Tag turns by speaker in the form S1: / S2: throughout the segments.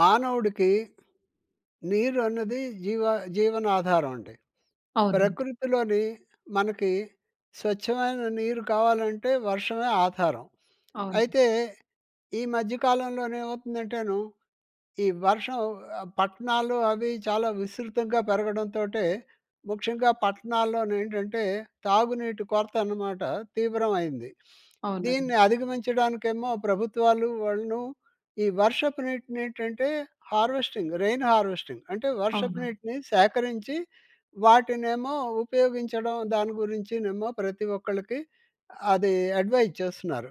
S1: మానవుడికి, నీరు అన్నది జీవ జీవన ఆధారం అండి.
S2: అవునండి.
S1: ప్రకృతిలోని మనకి స్వచ్ఛమైన నీరు కావాలంటే వర్షమే ఆధారం.
S2: అవును.
S1: అయితే, ఈ మధ్య కాలంలోను ఏమవుతుందంటేను, ఈ వర్షం ఆహ్, పట్టణాలు అవి చాలా విస్తృతంగా పెరగడంతోటే ముఖ్యంగా పట్టణాల్లో ఏంటంటే తాగునీటి కొరత అన్నమాట తీవ్రమైంది.
S2: అవునండి.
S1: దీన్ని అధిగమించడానికేమో ప్రభుత్వాలు వాళ్ళను ఈ వర్షపు నీటిని ఏంటంటే హార్వెస్టింగ్, రెయిన్ హార్వెస్టింగ్. అంటే వర్షపు
S2: అవును.
S1: నీటిని సేకరించి వాటినేమో ఉపయోగించడం దాని గురించినేమో ప్రతి ఒక్కళ్ళకి అది అడ్వైస్ చేస్తున్నారు.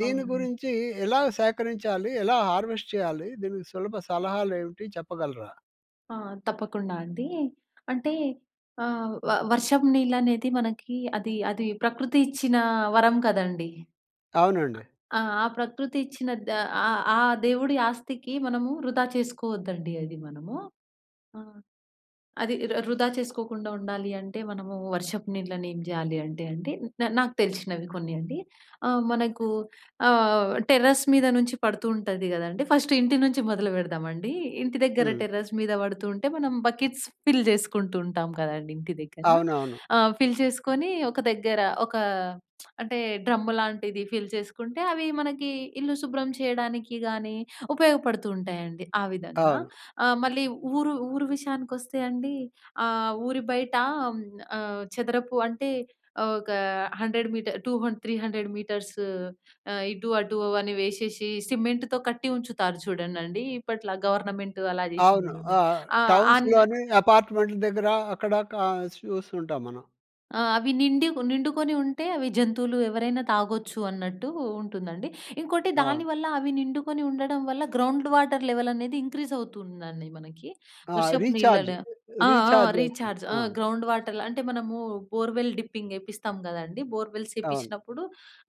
S1: దీని
S2: అవును.
S1: గురించి ఎలా సేకరించాలి? ఎలా హార్వెస్ట్ చేయాలి? దీనికి సులభ సలహాలు ఏమిటి? చెప్పగలరా?
S2: ఆ! తప్పకుండా అండి. అంటే ఆహ్, వ వర్షం నీళ్ళు అనేది మనకి అది, అది ప్రకృతి ఇచ్చిన వరం కదండీ!
S1: అవునండి.
S2: ఆ ప్రకృతి ఇచ్చిన ద ఆ ఆ దేవుడి ఆస్తికి మనము వృధా చేసుకోవద్దండి అది మనము. అది ర వృధా చేసుకోకుండా ఉండాలి అంటే మనము వర్షపు నీళ్లని ఏం జేయాలి అంటే అండి. న నాకు తెలిసినవి కొన్ని అండి. ఆహ్, మనకు ఆహ్, టెర్రస్ మీద నుంచి పడుతూ ఉంటది కదండీ! ఫస్ట్ ఇంటి నుంచి మొదలు పెడదామండి. ఇంటి దగ్గర
S1: హ్మ్.
S2: టెర్రస్ మీద పడుతూ ఉంటే మనం బకెట్స్ ఫిల్ జేసుకుంటూ ఉంటాం కదండీ! ఇంటి దగ్గర.
S1: అవునవును.
S2: ఆహ్, ఫిల్ చేసుకొని ఒక దగ్గర ఒక అంటే డ్రమ్ లాంటిది ఫిల్ చేసుకుంటే, అవి మనకి ఇల్లు శుభ్రం చేయడానికి గానీ ఉపయోగపడుతూ ఉంటాయండి. ఆ విధంగా.
S1: అవును.
S2: ఆహ్, మళ్ళీ ఊరు ఊరు విషయానికి వస్తే అండి. ఆహ్, ఊరి బయట హ్మ్, ఆహ్, చదరపు అంటే ఒక 100 meter, two um three hundred meters ఆహ్, ఇటు అటు అని వేసేసి సిమెంట్‍తో కట్టి ఉంచుతారు చూడండిండి. ఇప్పట్ల గవర్నమెంట్ అలా జేసింది
S1: అవును.
S2: చూడం
S1: ఆహ్,
S2: ఆహ్, అన్
S1: టౌన్స్‌లోని, అపార్ట్మెంట్ల దగ్గర అక్కడ క చూస్తుంటాం మనం.
S2: ఆ! అవి నిండుక్ నిండుకొని ఉంటే, అవి జంతువులు ఎవరైనా తాగొచ్చు అన్నట్టు ఉంటుందండి. ఇంకోటి, దాని
S1: అవును.
S2: వల్ల అవి నిండుకొని ఉండడం వల్ల, గ్రౌండ్ వాటర్ లెవెల్ అనేది ఇంక్రీజ్ అవుతుందండి మనకి.
S1: ఆ!
S2: వర్షపు
S1: రీచార్జ్,
S2: నీళ్ళలో ఆ! ఆ!
S1: రీచార్జ్ అవుతుంది.
S2: రీచార్జ్ ఆ!
S1: ఆ!
S2: గ్రౌండ్ వాటర్ల అంటే, మనము బోర్వెల్ డిప్పింగ్ ఏపిస్తాం కదండీ! బోర్వెల్స్
S1: అవును.
S2: ఏపిచినప్పుడు,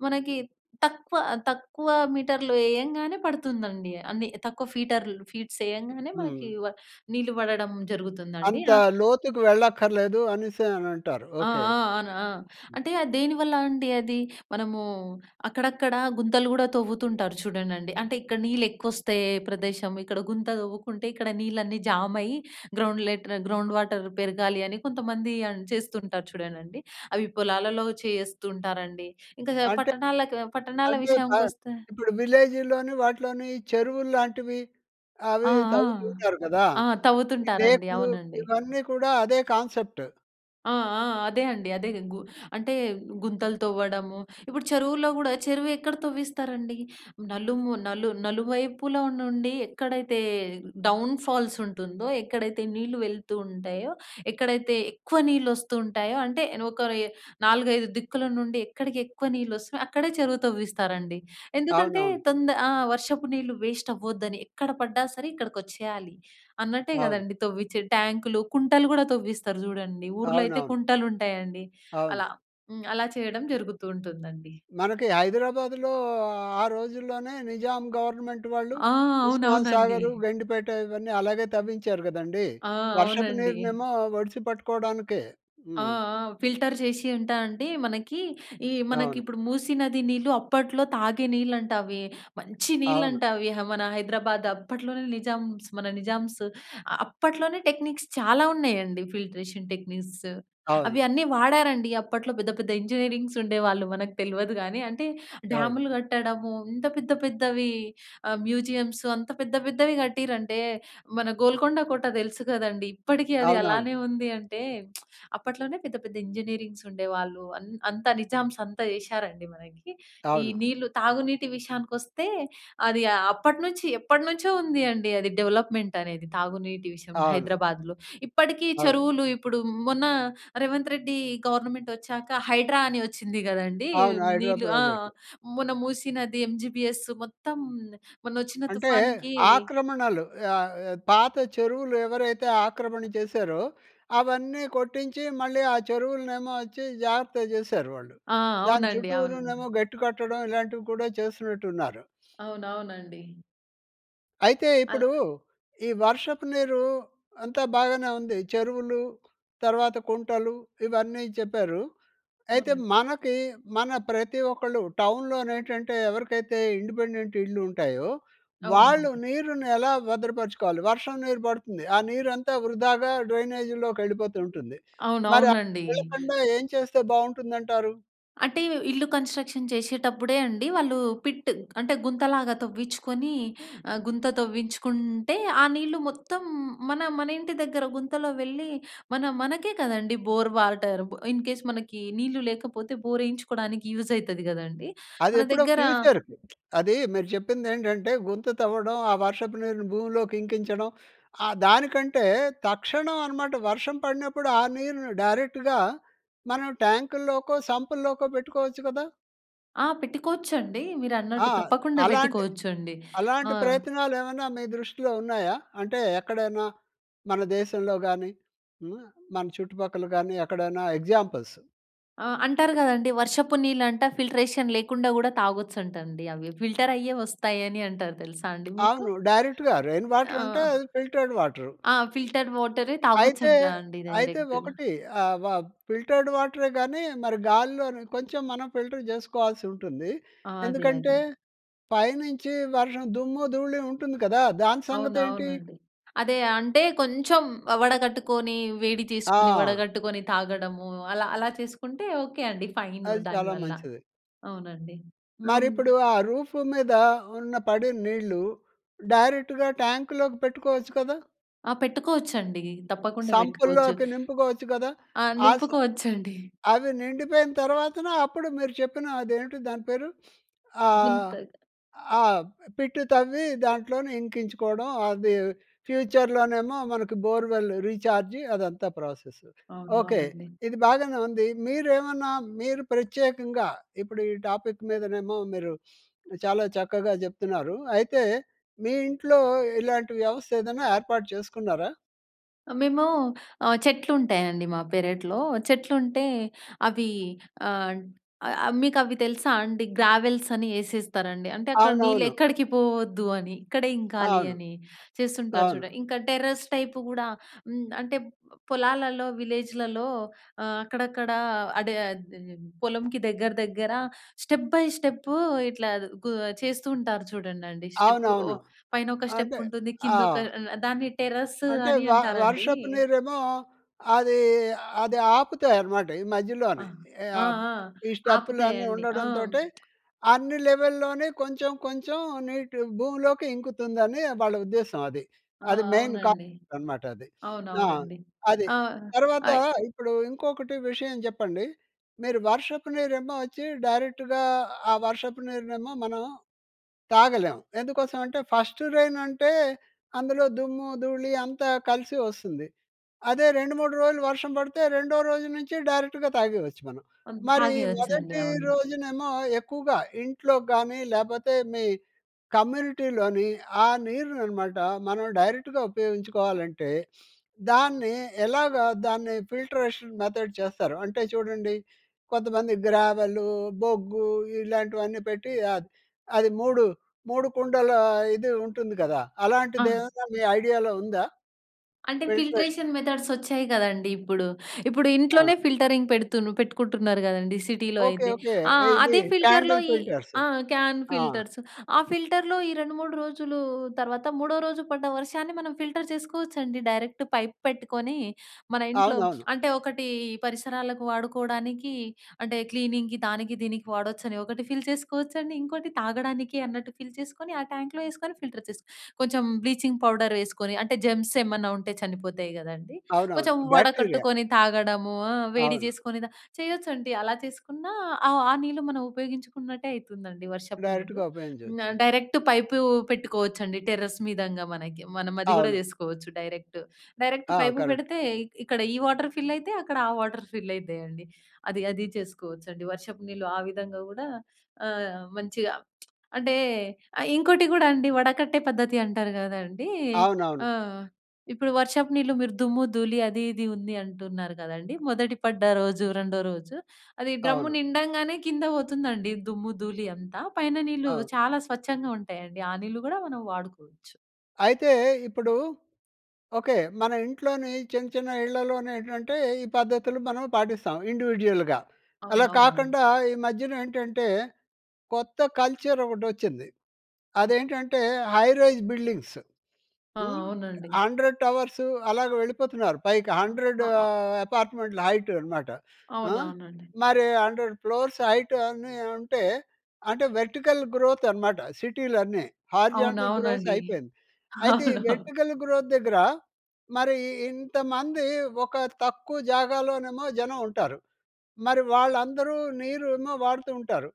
S2: మనకి తక్కువ తక్కువ మీటర్లు ఏయంగానే పడుతుందండి. అన్ని తక్కువ ఫీటర్లు ఫీట్స్ ఏయంగానే, మనకి
S1: హ్మ్.
S2: వా నీళ్లు పడడం జరుగుతుందండి.
S1: అంత
S2: ఆహ్
S1: లోతుకి వెళ్ళక్కర్లేదు అనేసి అని అంటారు.
S2: ఆ!
S1: ఓకే.
S2: ఆ! అవును, ఆ! అంటే అది దేనివల్ల అండి అది. మనము, అక్కడక్కడ గుంతలు కూడా తవ్వుతుంటారు చూడండండి. అంటే, ఇక్కడ నీళ్ళు ఎక్కువ వస్తే ప్రదేశం ఇక్కడ గుంత తవ్వుకుంటే, ఇక్కడ నీళ్ళన్నీ జామయ్యి గ్రౌండ్ లెట్ గ్రౌండ్ వాటర్ పెరగాలి అని, కొంతమంది అని చేస్తుంటారు చూడండండి. అవి పొలాలలో చేస్తూ ఉంటారండి. ఇంకా
S1: అంటే
S2: పట్టణాలకు పట్టణాల
S1: అంటే, పా
S2: విషయానికి వస్తే
S1: ఇప్పుడు విలేజీలోని, వాటిలోని చెరువులు లాంటివి,
S2: ఆ!
S1: అవి
S2: ఆ!
S1: తవ్వుతుంటారు కదా!
S2: ఆ! తవ్వుతుంటారండి,
S1: లేకులు,
S2: అవునండి.
S1: ఇవన్నీ కూడా అదే కాన్సెప్ట్.
S2: ఆ! ఆ! అదే అండి, అదే గు అంటే, గుంతలు తవ్వడము, ఇప్పుడు చెరువులో కూడా, చెరువు ఎక్కడ తవ్విస్తారండి! నలుము నలు నలువైపుల నుండి ఎక్కడైతే డౌన్ ఫాల్స్ ఉంటుందో, ఎక్కడైతే నీళ్లు వెళ్తూ ఉంటాయో, ఎక్కడైతే ఎక్కువ నీళ్ళు వస్తూ ఉంటాయో అంటే ఒక ఆహ్, 4, 5 దిక్కుల నుండి, ఎక్కడికి ఎక్కువ నీళ్ళు వస్తయో, అక్కడే చెరువు తవ్విస్తారండి. ఎందుకంటే,
S1: అవునవును.
S2: తొంద ఆ! వర్షపు నీళ్లు వేస్ట్ అవ్వద్దని, ఎక్కడ పడ్డా సరే ఇక్కడికి వచ్చేయాలి అన్నట్టే
S1: అవును.
S2: కదండీ, తవ్విచేది. ట్యాంకులు, కుంటలు కూడా తవ్విస్తారు చూడండి. ఊర్లో అయితే
S1: అవునవును.
S2: కుంటలు ఉంటాయండి. అలా
S1: అవును.
S2: హ్మ్. అలా చేయడం జరుగుతూ ఉంటుందండి.
S1: మనకి హైదరాబాదులో, ఆ రోజుల్లోనే నిజాం గవర్నమెంట్ వాళ్ళు,
S2: ఆ!
S1: ఉస్మాన్
S2: అవునవునండి.
S1: సాగర్, గండిపేట ఇవన్నీ అలాగే తవ్వించారు కదండీ!
S2: ఆ!
S1: వర్షపు
S2: అవునండి.
S1: నీరునేమో ఒడిసి పట్టుకోవడానికే.
S2: ఆ!
S1: హ్మ్.
S2: ఆ! ఫిల్టర్ చేసి అంటే అండి మనకి, ఈ మనకి
S1: అవును.
S2: ఇప్పుడు మూసి నది నీళ్లు, అప్పట్లో తాగే నీళ్ళు అంట అవి. మంచి
S1: అవును.
S2: నీళ్ళంట అవి. ఆ! మన హైదరాబాద్ అప్పట్లోనే నిజామ్స్, మన నిజామ్స్ అ అప్పట్లోనే టెక్నిక్స్ చాలా ఉన్నాయండి, ఫిల్ట్రేషన్ టెక్నిక్స్.
S1: అవును.
S2: అవి అన్నీ వాడారండి, అప్పట్లో పెద్ద, పెద్ద ఇంజనీరింగ్స్ ఉండేవాళ్ళు, మనకు తెలవదు గానీ. అంటే,
S1: అవును.
S2: డ్యాములు కట్టడము, ఇంత పెద్ద పెద్దవి ఆహ్, మ్యూజియమ్స్, అంత పెద్ద, పెద్దవి కట్టిరంటే, మన గోల్కొండ కోట తెలుసు కదండీ! ఇప్పటికి అది
S1: అవునవును.
S2: అలానే ఉంది అంటే, అప్పట్లోనే పెద్ద, పెద్ద ఇంజనీరింగ్స్ ఉండేవాళ్ళు. అన్ అంతా నిజామ్స్ అంతా చేశారండి మనకి. ఈ
S1: అవును.
S2: నీళ్లు, తాగునీటి విషయానికొస్తే, అది ఆహ్, అప్పటినుంచి ఎప్పటినుంచో ఉంది అండి అది డెవలప్మెంట్ అనేది, తాగునీటి విషయం,
S1: అవును.
S2: హైదరాబాద్‍లో. ఇప్పటికి
S1: అవును.
S2: చెరువులు ఇప్పుడు, మొన్న రేవంత్ రెడ్డి గవర్నమెంటొచ్చాక, హైడ్రా అని వచ్చింది కదండీ!
S1: అవును. హైడ్రా
S2: నీళ్లు ఆ!
S1: ప్రాజెక్టు.
S2: మొన్న మూసి నది, ఎంజీబీఎస్ మొత్తం, మొన్న వచ్చిన
S1: అంటే,
S2: తుఫాన్‌కి
S1: ఆక్రమణలు ఆహ్, పాత చెరువులు ఎవరైతే ఆక్రమణ చేశారో, అవన్నీ కొట్టించి మళ్ళీ ఆ చెరువులనేమోచ్చి జాగ్రత్తగా చేసారు వాళ్ళు.
S2: ఆ!
S1: దాని
S2: అవునండి. అవును.
S1: చుట్టూరా‌నేమో గట్టు కట్టడం, ఇలాంటివి కూడా చేస్తున్నట్టు ఉన్నారు.
S2: అవునవునండి.
S1: అయితే
S2: అలా
S1: ఇప్పుడు, ఈ వర్షపు నీరు, అంతా బాగానే ఉంది. చెరువులు, తర్వాత కుంటలు, ఇవన్నీ చెప్పారు. అయితే
S2: అవునండి.
S1: మనకీ, మన ప్రతి ఒక్కళ్ళు టౌన్‍లోనేంటంటే ఎవరికైతే ఇండిపెండెంట్ ఇళ్ళుంటాయో, వాళ్ళు
S2: అవునండి.
S1: నీరునెలా భద్రపరుచుకోవాలి? వర్షం నీరు పడుతుంది, ఆ నీరంతా వృధాగా డ్రైనేజీలోకెళ్ళిపోతుంటుంది. మరి అలా
S2: అవునవునండి.
S1: వెళ్ళకుండా ఏం చేస్తే బావుంటుందంటారు?
S2: అంటే ఇవ్ ఇళ్ళు కన్‌స్ట్రక్షన్ చేషేటప్పుడే అండి వాళ్ళు, పిట్ అంటే గుంతలాగా తవ్వించుకొని ఆహ్, గుంత తవ్వించుకుంటే, ఆ నీళ్లు మొత్తం మన, మనింటి దగ్గర గుంతలో వెళ్ళి, మన, మనకే కదండీ బోరు వాటరు భ ఇన్ కేస్ మనకీ నీళ్లు లేకపోతే, బోరేయించుకోడానికి యూజయితది గదండీ! మన
S1: అదెప్పుడో
S2: దగ్గర
S1: ఫ్యూచర్. అదీ మీరు చెప్పిందేంటంటే, గుంత తవ్వడం, ఆ వర్షపు నీరుని భూమిలోకి ఇంకించడం, ఆహ్, దానికంటే, తక్షణం అన్నమాట, వర్షం పడినప్పుడు ఆ నీరుని డైరెక్ట్‌గా మనం ట్యాంకుల్లోకో, సంపుల్లోకో పెట్టుకోవచ్చు కదా!
S2: ఆ! పెట్టుకోవచ్చండీ.
S1: ఆ!
S2: మీరన్నట్టు తప్పకుండా
S1: అలాంటి,
S2: బెట్టుకోవచ్చండి. ఆ!
S1: అలాంటి ప్రయత్నాలేమన్నా మీ దృష్టిలో ఉన్నాయా? అంటే, ఎక్కడైనా మన దేశంలో గాని, హ్మ్, మన చుట్టుపక్కల గాని, ఎక్కడైనా ఎగ్జాంపుల్స్.
S2: ఆ! అంటారు గదండీ వర్షపు నీళ్ళంట, ఫిల్ట్రేషన్ లేకుండా గూడా తాగొచ్చంటండి. అవి ఫిల్టర్ అయ్యే వస్తాయని అంటారు తెలుసా అండి మీకు?
S1: అవును. డైరెక్ట్‌గా రెయిన్
S2: ఆ!
S1: వాటర్ అంటే, అవి ఫిల్టర్డ్ వాటర్.
S2: ఆ! ఫిల్టర్డ్ వాటరే
S1: అయితే
S2: తాగొచ్చంట అండీ
S1: అయితే
S2: డైరెక్ట్‌గా.
S1: ఒకటి అ వా ఫిల్టర్డ్ వాటరే కానీ మరి గాలిలో‌‌ని కొంచెం మనం ఫిల్టర్ చేసుకోవాల్సి ఉంటుంది.
S2: ఆ! అదే.
S1: ఎందుకంటే
S2: అదే.
S1: పైనుంచి వర్షం, దుమ్ము, ధూళి ఉంటుంది కదా. దాని సంగతేంటి?
S2: అవునవునండి. అదే, అంటే కొంచెం ఆహ్ వడగట్టుకొని, వేడి చేసుకొని,
S1: ఆ!
S2: వడగట్టుకొని తాగడము. అలా అలా చేసుకుంటే, ఓకే అండి. ఫైన్
S1: అది
S2: దాని
S1: చాలా
S2: వల్ల.
S1: మంచిది.
S2: అవునండి.
S1: మరి
S2: అవును.
S1: ఇప్పుడు ఆ రూఫ్ మీద ఉన్న, పడిన నీళ్ళు డైరెక్ట్‌గా ట్యాంకులోకి పెట్టుకోవచ్చు కదా.
S2: ఆ! పెట్టుకోవచ్చండి. తప్పకుండా పెట్టుకోవచ్చు.
S1: సంపుల్లోకి నింపుకోవచ్చు గదా.
S2: ఆ!
S1: ఆస
S2: నింపుకోవచ్చండి.
S1: అవి నిండిపోయిన తర్వాతన, అప్పుడు మీరు చెప్పిన అదేంటి దాని పేరు? ఆహ్,
S2: గుంత.
S1: ఆహ్, పిట్ తవ్వి, దాంట్లోనే ఇంకించుకోవడం అది, ఫ్యూచర్‌లోనేమో మనకు బోర్వెల్ రీచార్జి, అదంతా ప్రాసెస్. ఓకే,
S2: అవునవునండీ.
S1: ఇది బాగానే ఉంది. మీరేమన్నా మీరు ప్రత్యేకంగా ఇప్పుడు ఈ టాపిక్ మీదనేమో మీరు చాలా చక్కగా చెప్తున్నారు. అయితే మీ ఇంట్లో ఇలాంటి వ్యవస్థ ఏదైనా ఏర్పాటు చేసుకున్నారా?
S2: అ మేము ఆహ్, చెట్లు ఉంటాయండి మా పెరట్లో. చెట్లు ఉంటే అవి ఆహ్, అ మీకు అవి తెలుసా అండి గ్రావెల్స్ అని ఏసేస్తారండి. అంటే అక్కడ నీళ్ళు
S1: అవునవును.
S2: ఎక్కడికి పోవద్దు అని, ఇక్కడే ఇంకాలి
S1: అవును.
S2: అని చేస్తుంటారు
S1: అవును.
S2: చూడండి. ఇంకా టెర్రస్ టైప్ గూడా హ్మ్, అంటే పొలాలలో, విలేజ్‌లలో ఆహ్, అక్కడక్కడ అడే అది పొలంకి దగ్గర, దగ్గర స్టెప్ బై స్టెప్ ఇట్లా గు చేస్తూ ఉంటారు చూడండండి స్టెప్ ఓ
S1: అవునవును.
S2: పైన ఒక స్టెప్
S1: అంటే
S2: ఉంటుంది
S1: ఆ!
S2: కిందొక అ దాన్ని టెర్రస్
S1: అంటే
S2: అని
S1: వ
S2: అంటారండి.
S1: వర్షపు నీరేమో అది, అది ఆపుతాయి అన్నమాట ఈ
S2: అ!
S1: మధ్యలోనే.
S2: ఆ!
S1: ఆహ్,
S2: ఆ!
S1: ఈ స్టెప్పులు అన్ని
S2: ఆపుతాయండి. ఆ!
S1: ఉండడంతోటే అన్ని లెవెల్‍లోనే కొంచెం కొంచెం నీటి భూమిలోకి ఇంకుతుందని వాళ్ళ ఉద్దేశం అది.
S2: ఆ!
S1: అది మెయిన్
S2: అవునండి.
S1: కాన్సెప్ట్ అనమాట అది. ఆ!
S2: అవునవునండి.
S1: అది
S2: ఆహ్,
S1: తర్వాత
S2: ఆయ్
S1: ఇప్పుడు ఇంకొకటి విషయం చెప్పండి, మీరు వర్షపు నీరేమో వచ్చి డైరెక్ట్‌గా, ఆ వర్షపు నీరునేమో మనం తాగలేం. ఎందుకోసం అంటే ఫస్ట్ రేన్ అంటే అందులో దుమ్ము, ధూళి అంతా కలిసి వస్తుంది. అదే 2, 3 రోజులు వర్షం పడితే, రెండో రోజు నుంచి డైరెక్ట్‌గా తాగేయచ్చు మనం.
S2: ఉన్
S1: మరీ
S2: తాగేయొచ్చండి.
S1: మొదటి
S2: అవును.
S1: రోజునేమో ఎక్కువగా, ఇంట్లో గానీ లేపోతే మీ కమ్యూనిటీలోని ఆ నీరుననమాట మనం డైరెక్ట్‌గా ఉపయోగించుకోవాలంటే దాన్ని ఎలాగా దాన్ని ఫిల్ట్రేషన్ మెథడ్ చేస్తారు? అంటే చూడండి కొంతమంది గ్రావెలు, బొగ్గు ఇలాంటివన్నీ పెట్టి ఆహ్, అది 3, 3 కుండల ఇది ఉంటుంది కదా!
S2: ఆ!
S1: అలాంటిది ఏమన్నా మీ ఐడియాలో ఉందా?
S2: అంటే
S1: ఫిల్టరేషన్.
S2: ఫిల్ట్రేషన్ మెథడ్స్ వచ్చాయి కదండీ ఇప్పుడు. ఇప్పుడు
S1: ఆ!
S2: ఇంట్లోనే ఫిల్టింగ్ పెడుతుండ్రు పెట్టుకుంటున్నరు కదండీ సిటీలో
S1: ఓకె.
S2: అయితే.
S1: ఓకె.
S2: ఆ!
S1: ఎ ఇది
S2: అదే ఫిల్టర్‌లో
S1: క్యాండిల్
S2: ఈ
S1: ఫీలటర్స్.
S2: ఆ! క్యాన్
S1: ఆ!
S2: ఫిల్టర్స్ ఆ ఫిల్టర్‌లో ఈ 2, 3 రోజులు తర్వాత, మూడో రోజు పడ్డ వర్షాన్ని మనం ఫిల్టర్ చేసుకోవచ్చండి. డైరెక్ట్ పైప్ పెట్టుకొని, మన ఇంట్లో.
S1: అవునవును.
S2: అంటే ఒకటి పరిసరాలకు వాడుకోవడానికి అంటే క్లీనింగ్‌కి దానికి దీనికి వాడొచ్చని ఒకటి ఫిల్ చేసుకోవచ్చండి. ఇంకోటి తాగడానికి అన్నట్టు ఫిల్ చేసుకొని ఆ ట్యాంక్‌లో వేసుకొని ఫిల్టర్ చేసు కొంచెం బ్లీచింగ్ పౌడర్ వేసుకొని, అంటే జెమ్స్ ఏమన్నా ఉంటే చనిపోతాయి కదండీ.
S1: అవునవును.
S2: కొంచెం
S1: బాక్టీరియా.
S2: వడకట్టుకొని తాగడము. ఆ! వేడి
S1: అవును.
S2: చేసుకొని తా చేయొచ్చండి అలా చేసుకున్నా ఆ! ఆ నీళ్లు మనం ఉపయోగించుకున్నట్టే అయితుందండి, వర్షపు నీళ్లు.
S1: డైరెక్ట్‌గా
S2: న
S1: ఉపయోగించచ్చు.
S2: డైరెక్ట్ పైపు పెట్టుకోవచ్చండి టెర్రస్ మీదంగా మనకి, మనం అది కూడా
S1: అవును.
S2: చేసుకోవచ్చు డైరెక్ట్. డైరెక్ట్
S1: ఆ!
S2: Pipe
S1: correct.
S2: పెడితే ఇక్కడ ఈ వాటర్ ఫిల్ అయితయి, అక్కడ ఆ వాటర్ ఫిల్ అయితయండి. అది, అది చేసుకోవచ్చండి, వర్షపు నీళ్లు ఆ విధంగా కూడా ఆహ్, మంచిగా అంటే ఇంకోటి కూడా అండి వడకట్టే పద్ధతి అంటారు కదండీ. ఆ!
S1: అవునవును.
S2: ఇప్పుడు వర్షపు నీళ్లు మీరు దుమ్ము, ధూళి అది ఇది ఉంది అంటున్నారు కదండీ. మొదటి పడ్డ రోజు, రెండో రోజు. అది డ్రమ్ము
S1: అవును.
S2: నిండగానే కింద పోతుందండి, దుమ్ము ధూళి అంతా పైన నీళ్ళు
S1: అవును.
S2: చాలా స్వచ్ఛంగా ఉంటాయండి ఆ నీళ్లు కూడా మనం వాడుకోవచ్చు.
S1: అయితే ఇప్పుడు ఓకే. మన ఇంట్లోని చిన్న చిన్న ఇళ్లలోనేంటంటే ఈ పద్ధతులు మనం పాటిస్తాం. ఇండివిడ్యువల్‍గా. అలా
S2: అవునవునండి.
S1: కాకుండా ఈ మధ్యనేంటంటే కొత్త కల్చర్ ఒకటి వచ్చింది. అదేంటంటే హై రైజ్ బిల్డింగ్స్.
S2: ఆ!
S1: హ్మ్.
S2: అవునండి.
S1: 100 టవర్సు అలాగా వెళ్ళిపోతున్నారు పైకి 100 ఆహ్, అపార్ట్మెంట్ల హైట్ అనమాట. ఆహ్,
S2: అవునవునండి.
S1: మరి 100 ఫ్లోర్స్ హైట్ అని అంటే, అంటే వర్టికల్ గ్రోత్ అనమాట సిటీలు అన్ని.
S2: అవును.
S1: హారిజాంటల్ గ్రోత్
S2: అవునండి.
S1: అయిపోయింది. అయితే ఈ
S2: అవును.
S1: వెర్టికల్ గ్రోత్ దగ్గర మరి ఇంతమంది ఒక తక్కువ జాగాలోనేమో జనం ఉంటారు. మరి వాళ్ళందరూ నీరు ఏమో వాడుతూ ఉంటారు.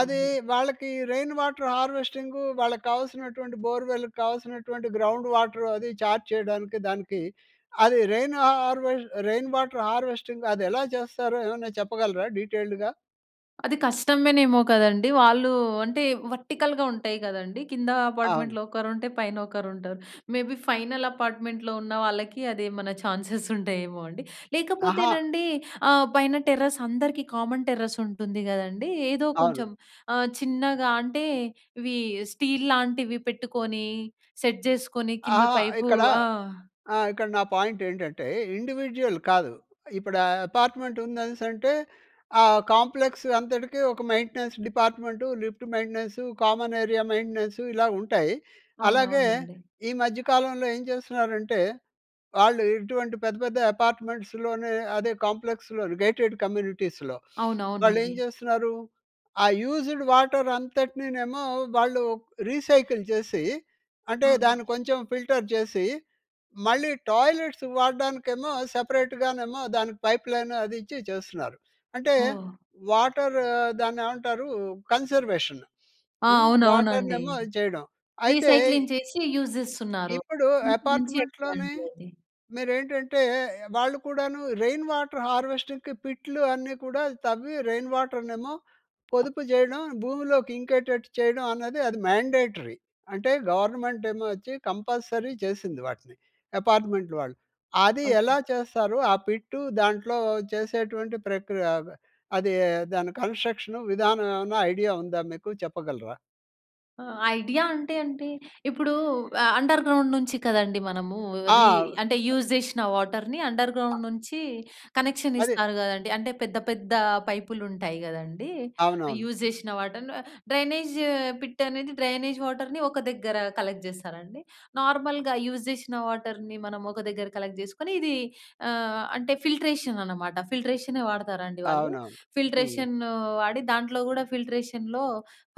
S1: అది వాళ్ళకి రెయిన్ వాటర్ హార్వెస్టింగు వాళ్ళకి కావాల్సినటువంటి బోర్‌వెల్ కావాల్సినటువంటి గ్రౌండ్ వాటర్ అది ఇది చార్జ్ చేయడానికి దానికి అది rain harvest rain water harvesting అది ఎలా చేస్తారో ఏమన్నా చెప్పగలరా డీటెయిల్డ్‌గా?
S2: అది కష్టమేనేమో కదండీ! వాళ్ళు అంటే వర్టికల్‌గా ఉంటాయి గదండీ! కింద
S1: అవును.
S2: అపార్ట్మెంట్‌లో ఒకరు ఉంటే పైన ఒకరుంటారు. మేబీ ఫైనల్ అపార్ట్మెంట్‌లో ఉన్న వాళ్ళకి అదేమన్నా ఛాన్సెస్ ఉంటాయేమో అండి.
S1: అహా!
S2: లేకపోతేనండి ఆహ్, పైన టెర్రస్ అందరికీ కామన్ టెర్రస్ ఉంటుంది గదండీ! ఏదో కొంచెం
S1: అవును.
S2: ఆహ్, చిన్నగా అంటే ఇవి స్టీల్ లాంటివి పెట్టుకొని సెట్ జేసుకొని కింద
S1: అహ!
S2: పైపు
S1: ఇక్కడ
S2: ఆ!
S1: ఆహ్, ఇక్కడ నా పాయింట్ ఏంటంటే ఇండివిడ్యువల్ కాదు. ఇప్పుడు అపార్ట్మెంట్ ఉందనేసంటే, ఆ కాంప్లెక్స్ అంతటికీ ఒక maintenance department, lift maintenance, common area maintenance ఇలా ఉంటాయి. అలాగే
S2: అవునవునండి.
S1: ఈ మధ్య కాలంలో ఏం చేస్తున్నారంటే, వాళ్ళు ఇటువంటి పెద్ద పెద్ద అపార్ట్మెంట్స్‌లోనే అదే కాంప్లెక్స్‌లోనే గేటెడ్ కమ్యూనిటీస్‍లో. వాళ్ళు ఏం
S2: అవునవునండి.
S1: జేస్తున్నారు ఆ యూజ్‌డ్ వాటర్ అంతటినినేమో వాళ్ళు రీసైకిల్ చేసి, అంటే దాన్ని కొంచెం ఫిల్టర్ చేసి మళ్ళీ టాయిలెట్స్‌కి వాడడానికే ఏమో సెపరేట్‌గానేమో దానికి పైప్ లైన్ అది ఇచ్చి చేస్తున్నారు. అంటే
S2: ఓహ్!
S1: వాటర్ దాన్ని ఏమంటారు? కన్జర్వేషన్
S2: ఆ!
S1: హ్మ్.
S2: అవునవునండి.
S1: వాటర్‌నేమో ఇది చేయడం. అయితే
S2: రీసైక్లింగ్ చేసి యూస్ జేస్తున్నారు.
S1: ఇప్పుడు
S2: హ్మ్, మంచి ఐడియా
S1: అపార్ట్మెంట్‌లోనే,
S2: అండి అది.
S1: మీరేంటంటే వాళ్ళు కూడాను రెయిన్ వాటర్ హార్వెస్టింగ్‌కి పిట్లు అన్నీ కూడా తవ్వి రెయిన్ వాటర్‌నేమో పొదుపు చేయడం భూమిలోకి ఇంకేటట్టు చేయడం అన్నది అది మాండేటరీ. అంటే గవర్నమెంటేమో వచ్చి కంపల్సరీ చేసింది వాటిని. అపార్ట్మెంట్ వాళ్ళు. అది ఎలా చేస్తారో ఆ పిట్టు దాంట్లో చేసేటువంటి ప్రక్రియ ఆహ్, అది దాని కన్స్ట్రక్షన్ విధానం ఏమన్నా ఐడియా ఉందా మీకు? చెప్పగలరా?
S2: ఆహ్, ఐడియా అంటే అంటే, ఇప్పుడూ ఆహ్, అండర్‌గ్రౌం‌డ్ నుంచి కదండీ మనమూ రీ
S1: ఆ!
S2: అంటే, యూజ్ జేషిన వాటర్‍ని అండర్‌గ్రౌండ్ నుంచీ కనెక్షన్
S1: అదే.
S2: ఇస్తారు గదండి. అంటే, పెద్ద పెద్దా పైపులుంటాయి గదండీ.
S1: అవునవును.
S2: యూజ్ జేషిన వాటర్‌‌ను డ్రైనేజ్ పిట్ అనేది డ్రైనేజ్ వాటర్‍ని ఒక దగ్గరా కలెక్ట్ జేస్తారాండి? నార్మల్‌గా యూజ్ జేషిన వాటర్‍ని మనం ఒక దగ్గర కలెక్ట్ చేసుకొని, ఇదీ ఆహ్, అంటే ఫిల్ట్రేషన్ అనమాట. ఫిల్ట్రేషనే వాడతారు అండి వాళ్ళు.
S1: అవునవును. హ్మ్.
S2: ఫిల్ట్రేషన్నూ వాడి, దాంట్లో గూడా ఫిల్ట్రేషన్‌లో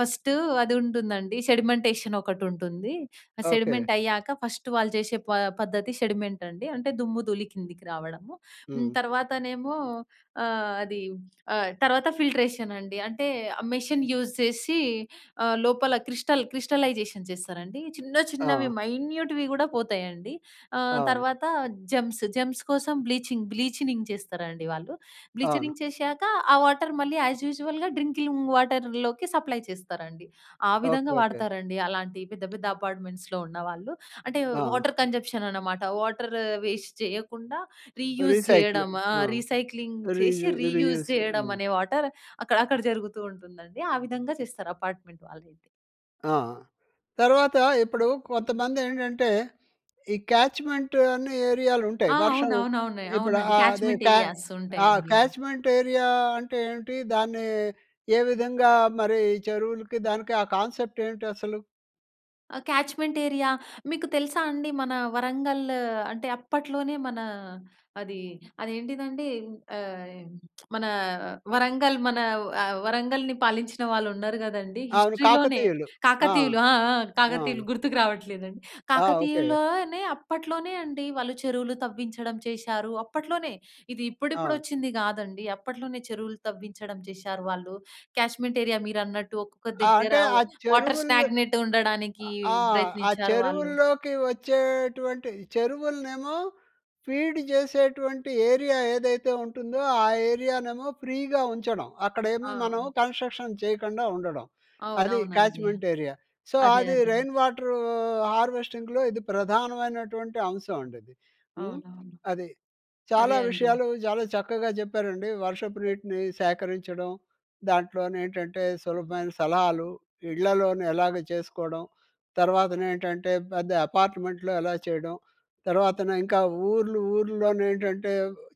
S2: ఫస్టూ అదుంటుందండి. సెడిమెంటేషన్ ఒకటుంటుంది. ఆ
S1: ఓకే.
S2: సెడిమెంట్ అయ్యాక ఫస్ట్ వాళ్ళు చేసే పా పద్ధతి సెడిమెంట్ అండి. అంటే, దుమ్ము-ధూళి కిందికి రావడము. హ్మ్.
S1: హ్మ్.
S2: తర్వాతనేమో, ఆహ్, అదీ ఆహ్, తర్వాత ఫిల్ట్రేషన్ అండి. అంటే, ఆ మెషిన్ యూజ్ చేసీ, ఆహ్, లోపల క్రిస్టల్ క్రిస్టలైజేషన్ చేస్తారండి. చిన్న చిన్నవి
S1: ఆ!
S2: మైన్యూట్‌వి గూడా పోతాయండి. ఆహ్,
S1: అవును.
S2: తర్వాత జమ్స్ జమ్స్ కోసం బ్లీచింగ్, బ్లీచినింగ్ చేస్తారండి వాళ్ళు.
S1: అవును.
S2: బ్లీచనింగ్ చేషాక ఆ వాటర్ మళ్ళీ యాజ్ యూజువల్‌గా డ్రింకిలింగు వాటర్‍లోకి సప్లై చేస్తారండి. ఆ
S1: ఓకే,
S2: విధంగా
S1: ఓకే.
S2: వాడతారండి. అలాంటి పెద్ద పెద్ద అపార్ట్‌మెంట్స్‌లో ఉన్న వాళ్ళు. అంటే,
S1: ఆ!
S2: వాటర్ కన్‌జప్షన్ అనమాట. వాటర్ వేస్ట్ చెయ్యకుండా, రీయూజ్
S1: రీసైకిలు.
S2: జెయ్యడమా,
S1: ఆ!
S2: రీసైక్లింగ్ చేసి,
S1: రీజు,
S2: రీయూజ్
S1: రీయూసు.
S2: చెయ్యడం
S1: హ్మ్.
S2: అనే వాటర్ అక్కడ అక్కడ జరుగుతూ ఉంటుందండి. ఆ విధంగా చేస్తారు, అపార్ట్‌మెంట్ వాళ్ళయితే.
S1: ఆ! తర్వాత ఇప్పుడు కొంతమంది ఏంటంటే, ఈ క్యాచ్‌మెంట్ అనే ఏరియాలు ఉంటాయి,
S2: ఆ!
S1: వర్షం
S2: అవునవునవును
S1: ఇప్పుడు
S2: అవునండి.
S1: ఆహ్, అదే
S2: క్యాచ్‌మెంట్
S1: క్యా
S2: ఏరియాస్
S1: ఆహ్,
S2: ఉంటాయండి.
S1: క్యాచ్‌మెంట్ ఏరియా అంటే ఏంటి? దాన్ని ఏ విధంగా మరి చెరువులకి దానికి ఆహ్, కాన్సెప్ట్ ఏంటి అసలు?
S2: ఆహ్, క్యాచ్‌మెంట్ ఏరియా మీకు తెలుసా అండి మన వరంగల్ అంటే అప్పట్లోనే, మన అది అ‌ది ఏంటిదండి ఆహ్, మన వరంగల్ మన ఆహ్, వరంగల్ని పాలించిన వాళ్ళు ఉన్నారు గదండీ
S1: అవును,
S2: హిస్టరీ లోనే
S1: కాకతీయులు. ఆ!
S2: కాకతీయులు, ఆ! ఆ!
S1: ఆ!
S2: కాకతీయులు గుర్తుకు రావట్లేదండి
S1: ఆ! ఓకే.
S2: కాకతీయుల్లోనే అప్పట్లోనే అండి వాళ్ళు చెరువులు తవ్వించడం చేశారు అప్పట్లోనే, ఇది ఇప్పుడిప్పుడు
S1: అవును.
S2: వచ్చింది కాదండి, అప్పట్లోనే చెరువులు తవ్వించడం చేశారు వాళ్ళు. క్యాష్మెంట్ ఏరియా మీరన్నట్టు ఒక్కొక్క
S1: ఆ!
S2: దగ్గర
S1: అంటే
S2: వ్
S1: ఆ
S2: వాటర్
S1: చెరువుల్
S2: స్టాగ్నెట్ ఉండడానికి,
S1: ఆహ్, ఆ
S2: ప్రయత్నించారు వాళ్ళు.
S1: చెరువుల్లోకి వచ్చేటువంటి చెరువులనేమో ఫీడ్ చేసేటువంటి ఏరియా ఏదైతే ఉంటుందో ఆ ఏరియానేమో ఫ్రీగా ఉంచడం. అక్కడేమో మనం
S2: అవును.
S1: కన్స్ట్రక్షన్ చేయకుండా ఉండడం, అది
S2: అవునవునండి.
S1: Catchment area. సో,
S2: అదే.
S1: అది
S2: అదే.
S1: రెయిన్ వాటరు హార్వెస్టింగ్‌లో ఇది ప్రధానమైనటువంటి అంశం అండి అది. హ్మ్,
S2: అవునవును.
S1: అది. చాలా
S2: అదే అండి.
S1: విషయాలు చాలా చక్కగా చెప్పారండి. వర్షపు నీటిని సేకరించడం, దాంట్లో నేంటంటే సులభమైన సలహాలు, ఇళ్లలోనే ఎలాగ చేసుకోవడం, తర్వాత నేంటంటే పెద్ద అపార్ట్మెంట్‌లో ఎలా చేయడం, తర్వాత నింకా ఊర్లు ఊర్లోనే ఏంటంటే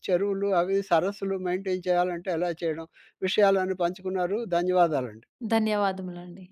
S1: చెరువులు అవి సరస్సులు మెయింటైన్ చేయాలంటే ఎలా చేయడం, విషయాలన్నీ పంచుకున్నారు ధన్యవాదాలండి.
S2: ధన్యవాదములండి.